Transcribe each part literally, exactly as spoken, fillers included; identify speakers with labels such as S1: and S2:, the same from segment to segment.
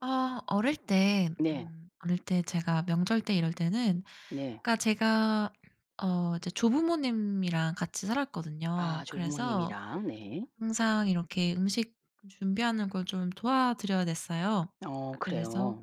S1: 아 어릴 때
S2: 네.
S1: 음 어릴 때 제가 명절 때 이럴 때는
S2: 네.
S1: 그러니까 제가 어 이제 조부모님이랑 같이
S2: 아
S1: 살았거든요. 그래서
S2: 조부모님이랑 네.
S1: 항상 이렇게 음식 준비하는 걸 좀 도와드려야 됐어요.
S2: 어
S1: 그래서
S2: 그래요?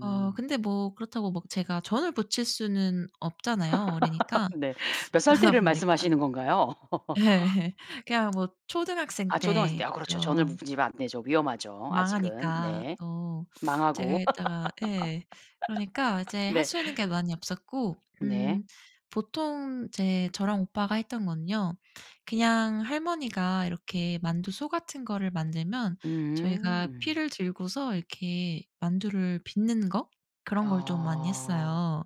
S1: 어 근데 뭐 그렇다고 막 제가 전을 부칠 수는 없잖아요, 어리니까.
S2: 네. 몇 살
S1: 그러다
S2: 때를
S1: 보니까
S2: 말씀하시는 건가요?
S1: 예예. 그냥 뭐 초등학생
S2: 아 초등학생
S1: 때
S2: 때 아 그렇죠. 전을
S1: 어
S2: 부 부지면 안 되죠. 위험하죠, 아직은.
S1: 망하니까
S2: 네.
S1: 또 제가
S2: 망하고
S1: 했다가 예. 그러니까 이제 할
S2: 네.
S1: 수 있는 게 많이 없었고
S2: 네.
S1: 음 보통 이제 저랑 오빠가 했던 거는요 그냥 할머니가 이렇게 만두소 같은 거를 만들면 저희가
S2: 음.
S1: 피를 들고서 이렇게 만두를 빚는 거 그런 걸 좀 많이
S2: 아.
S1: 했어요,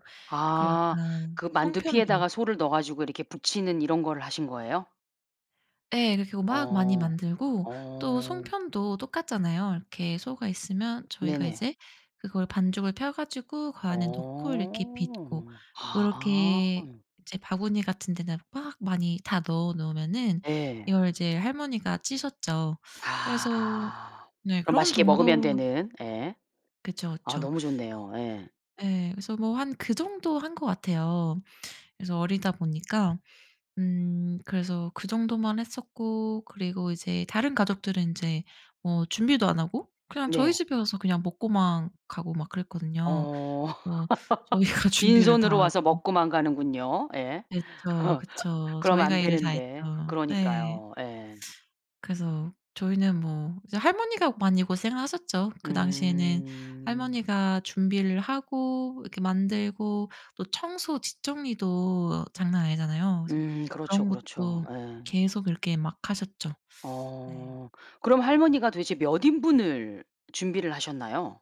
S1: 그리고
S2: 아.
S1: 약간
S2: 그 만두피에다가
S1: 송편도.
S2: 소를 넣어 가지고 이렇게 부치는 이런 거를 하신 거예요?
S1: 예. 그렇게 하고 막 많이
S2: 어.
S1: 만들고 또
S2: 어.
S1: 송편도 똑같잖아요. 이렇게 소가 있으면 저희가
S2: 네네.
S1: 이제 그걸 반죽을 펴 가지고 그 안에 넣고 이렇게 빚고
S2: 어. 아.
S1: 그렇게 이제 바구니 같은 데다가 막 많이 다 넣어 놓으면은
S2: 예.
S1: 이걸 이제 할머니가 찌셨죠. 그래서
S2: 아.
S1: 네
S2: 그럼
S1: 그런
S2: 맛있게 먹으면
S1: 정도로
S2: 되는 예.
S1: 그쵸,
S2: 아
S1: 그쵸.
S2: 너무 좋네요. 예.
S1: 예. 그래서 뭐 한 그 정도 한 것 같아요. 그래서 어리다 보니까 음 그래서 그 정도만 했었고 그리고 이제 다른 가족들은 인제 어 준비도 안 하고 그냥 저희
S2: 네.
S1: 집에 와서 그냥 먹고만 가고 막 그랬거든요,
S2: 어.
S1: 어 저희가 준비를 다
S2: 빈손으로 와서
S1: 하고.
S2: 먹고만 가는군요. 예.
S1: 그쵸, 그쵸.
S2: 그럼
S1: 저희가
S2: 안
S1: 일을 다 했죠.
S2: 되는데
S1: 네.
S2: 그러니까요. 예.
S1: 그래서 저희는 뭐 이제 할머니가 많이 고생하셨죠. 그 당시에는
S2: 음.
S1: 할머니가 준비를 하고 이렇게 만들고 또 청소 뒷정리도 장난 아니잖아요. 그래서
S2: 음 그렇죠,
S1: 그런
S2: 그렇죠.
S1: 것도
S2: 예.
S1: 계속 이렇게 막 하셨죠. 네.
S2: 어. 그럼 할머니가 도대체 몇 인분을 준비를 하셨나요?